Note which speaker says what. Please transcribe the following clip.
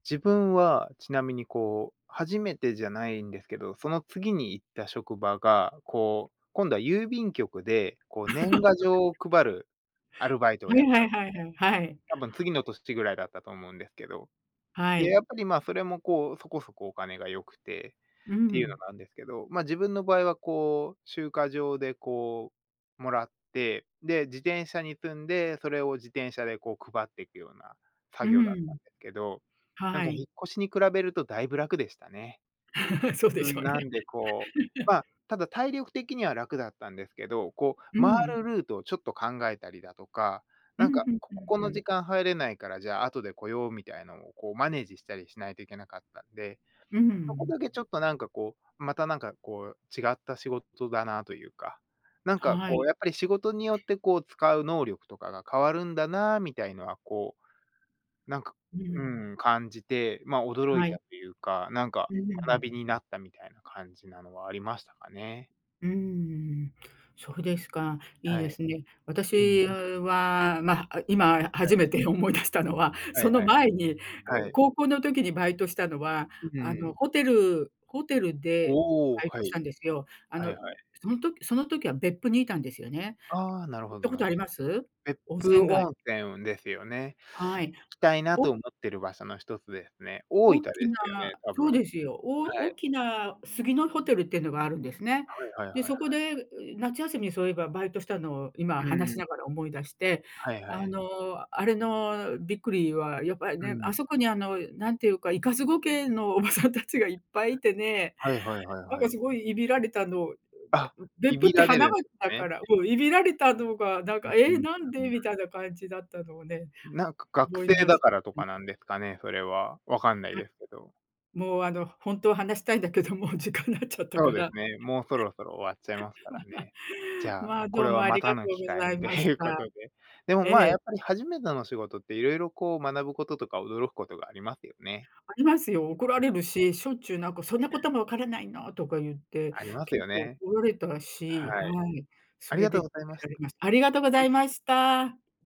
Speaker 1: 自分はちなみにこう、初めてじゃないんですけど、その次に行った職場が、こう、今度は郵便局で、こう
Speaker 2: そ
Speaker 1: 年
Speaker 2: れ。
Speaker 1: 賀状を配るアルバイトを
Speaker 2: は
Speaker 1: や
Speaker 2: い
Speaker 1: った
Speaker 2: は
Speaker 1: ん
Speaker 2: い
Speaker 1: です
Speaker 2: はいはいは
Speaker 1: ね、
Speaker 2: い。
Speaker 1: 多分次の年ぐらいだったと思うんですけど。
Speaker 2: は
Speaker 1: で、
Speaker 2: い。
Speaker 1: やっぱりまあ、それもこう、そこそこお金が良くて、
Speaker 2: う
Speaker 1: っ
Speaker 2: ん
Speaker 1: て
Speaker 2: う
Speaker 1: いうの
Speaker 2: ん。
Speaker 1: があんですけど、まあ、自分の場合はこう、集荷場でこう、もらって、で、自転車に積んで、それを自転車でこう配ってくような
Speaker 2: う
Speaker 1: 作
Speaker 2: ん
Speaker 1: 業だっ
Speaker 2: う
Speaker 1: た
Speaker 2: ん。
Speaker 1: んですけど、なん
Speaker 2: は
Speaker 1: か引
Speaker 2: い。
Speaker 1: っ越しに比べるとだいぶ楽でしたね。
Speaker 2: そうで
Speaker 1: う
Speaker 2: し
Speaker 1: ん、
Speaker 2: ょう
Speaker 1: な
Speaker 2: ね。
Speaker 1: んでこう まあ、ただ体力的には楽だったんですけど、こう、
Speaker 2: うん
Speaker 1: 回
Speaker 2: うん。
Speaker 1: るルートをちょっと考えたりだとか、
Speaker 2: う
Speaker 1: なん
Speaker 2: ん、
Speaker 1: か、
Speaker 2: ふん
Speaker 1: こ
Speaker 2: ふん、
Speaker 1: ここ
Speaker 2: う
Speaker 1: の
Speaker 2: ん。
Speaker 1: 時間入れないから、じゃあ後で来ようみたいなんを、こうマネージしたりしないといけなかったんで、
Speaker 2: う
Speaker 1: そこ
Speaker 2: ん。
Speaker 1: だけちょっとなんかこう、またなんかこう、違った仕事だなというか、なんか
Speaker 2: は
Speaker 1: こう、
Speaker 2: い。
Speaker 1: やっぱり仕事によってこう使う能力とかが変わるんだなみたいのは、こう、なんか、
Speaker 2: う
Speaker 1: う
Speaker 2: ん。
Speaker 1: ん、感じて、まあ驚
Speaker 2: は
Speaker 1: いた
Speaker 2: い。
Speaker 1: というか、なんか
Speaker 2: うー
Speaker 1: 学び
Speaker 2: ん。
Speaker 1: になったみたいな感じなのはありましたかね。
Speaker 2: うーん、うん、そうですか。いい
Speaker 1: は
Speaker 2: で
Speaker 1: い。
Speaker 2: すね。
Speaker 1: うん。
Speaker 2: 私は、ま、あ、今
Speaker 1: は
Speaker 2: 初
Speaker 1: い。
Speaker 2: めて思い出したのは、
Speaker 1: は
Speaker 2: そ
Speaker 1: い
Speaker 2: の
Speaker 1: はい。
Speaker 2: 前に、ん、
Speaker 1: はい。
Speaker 2: 高校の時にバイトしたのは、
Speaker 1: うん
Speaker 2: あ
Speaker 1: う
Speaker 2: の、
Speaker 1: ん。
Speaker 2: ホテルホテル
Speaker 1: お
Speaker 2: で
Speaker 1: おおお、
Speaker 2: バイ
Speaker 1: は
Speaker 2: トしたん
Speaker 1: い。
Speaker 2: ですよ。あ
Speaker 1: は
Speaker 2: の、
Speaker 1: いは
Speaker 2: ん、
Speaker 1: い。
Speaker 2: そん時その時は別府にいたんですよね。
Speaker 1: ああ、なる
Speaker 2: 行っ
Speaker 1: ほど、
Speaker 2: たこ
Speaker 1: な
Speaker 2: とあります？
Speaker 1: 別
Speaker 2: 温
Speaker 1: 府
Speaker 2: 泉街。
Speaker 1: 温泉をですよね。
Speaker 2: はい。
Speaker 1: 行きたいな
Speaker 2: お
Speaker 1: と思ってる場所の一つですね。大分
Speaker 2: おっ
Speaker 1: で
Speaker 2: きな
Speaker 1: すよね、多
Speaker 2: そ
Speaker 1: 分、
Speaker 2: うですよ、お
Speaker 1: は
Speaker 2: お
Speaker 1: い。
Speaker 2: きな、すぎのホテルってのがあるんですね。
Speaker 1: はいはいは
Speaker 2: で、
Speaker 1: い
Speaker 2: そ
Speaker 1: は
Speaker 2: こ
Speaker 1: い。
Speaker 2: で、う、夏休み、そういえばバイトしたのを、今
Speaker 1: う
Speaker 2: 話し
Speaker 1: ん。
Speaker 2: ながら思い出して、
Speaker 1: はいは
Speaker 2: あ
Speaker 1: い。
Speaker 2: の、あれのびっくりはやっぱり
Speaker 1: う
Speaker 2: ね、あ
Speaker 1: ん。
Speaker 2: そこに、あの、なんていうか、いかず後家のおばさんたちがいっぱいいてね、
Speaker 1: はいはいはい
Speaker 2: なん
Speaker 1: は
Speaker 2: か
Speaker 1: い。
Speaker 2: すごいいびられたの。う、
Speaker 1: あ、
Speaker 2: で、う、
Speaker 1: い
Speaker 2: 別府
Speaker 1: び
Speaker 2: って、
Speaker 1: ら
Speaker 2: は
Speaker 1: れ
Speaker 2: な
Speaker 1: るん
Speaker 2: が
Speaker 1: で
Speaker 2: っ
Speaker 1: す
Speaker 2: た
Speaker 1: ね。
Speaker 2: から、もういびられたのが、なんか、「ええ、なんで？」み
Speaker 1: [unintelligible]
Speaker 2: たいな感じだったのをね、
Speaker 1: なんか学
Speaker 2: 思い
Speaker 1: 生
Speaker 2: 出し
Speaker 1: だ
Speaker 2: ちゃ
Speaker 1: からと
Speaker 2: っ
Speaker 1: かなんですかね、それは、分かんない
Speaker 2: あ。
Speaker 1: ですけど。
Speaker 2: もう、あの、ほんとは話したいんだけどもう時間なっちゃった
Speaker 1: そ
Speaker 2: か
Speaker 1: うです
Speaker 2: ら。
Speaker 1: ね、もうそろそろ終わっちゃいますからね。じ ゃあ、
Speaker 2: まあ、
Speaker 1: こ
Speaker 2: どう
Speaker 1: れ
Speaker 2: も
Speaker 1: は
Speaker 2: あ
Speaker 1: ま
Speaker 2: り
Speaker 1: た
Speaker 2: がと
Speaker 1: の
Speaker 2: う
Speaker 1: 機
Speaker 2: ご
Speaker 1: 会
Speaker 2: ざ
Speaker 1: に
Speaker 2: い
Speaker 1: と
Speaker 2: まし
Speaker 1: いうこ
Speaker 2: た。
Speaker 1: とで。でも、
Speaker 2: え
Speaker 1: まあ、や
Speaker 2: え。
Speaker 1: っぱり初めての仕事って色々こう学ぶこととか驚くことがありますよね。
Speaker 2: ありますよ。怒られるし、しょっちゅうなんか、「そんなこともわからないの！」とかゆって、
Speaker 1: あります
Speaker 2: 結
Speaker 1: よ
Speaker 2: 構
Speaker 1: ね。
Speaker 2: 怒られた
Speaker 1: は
Speaker 2: し、は
Speaker 1: い。
Speaker 2: い、
Speaker 1: あ
Speaker 2: そ
Speaker 1: り
Speaker 2: れ
Speaker 1: がとう
Speaker 2: で、
Speaker 1: ございまし
Speaker 2: られましありがとご
Speaker 1: は
Speaker 2: ざ
Speaker 1: い。
Speaker 2: いました。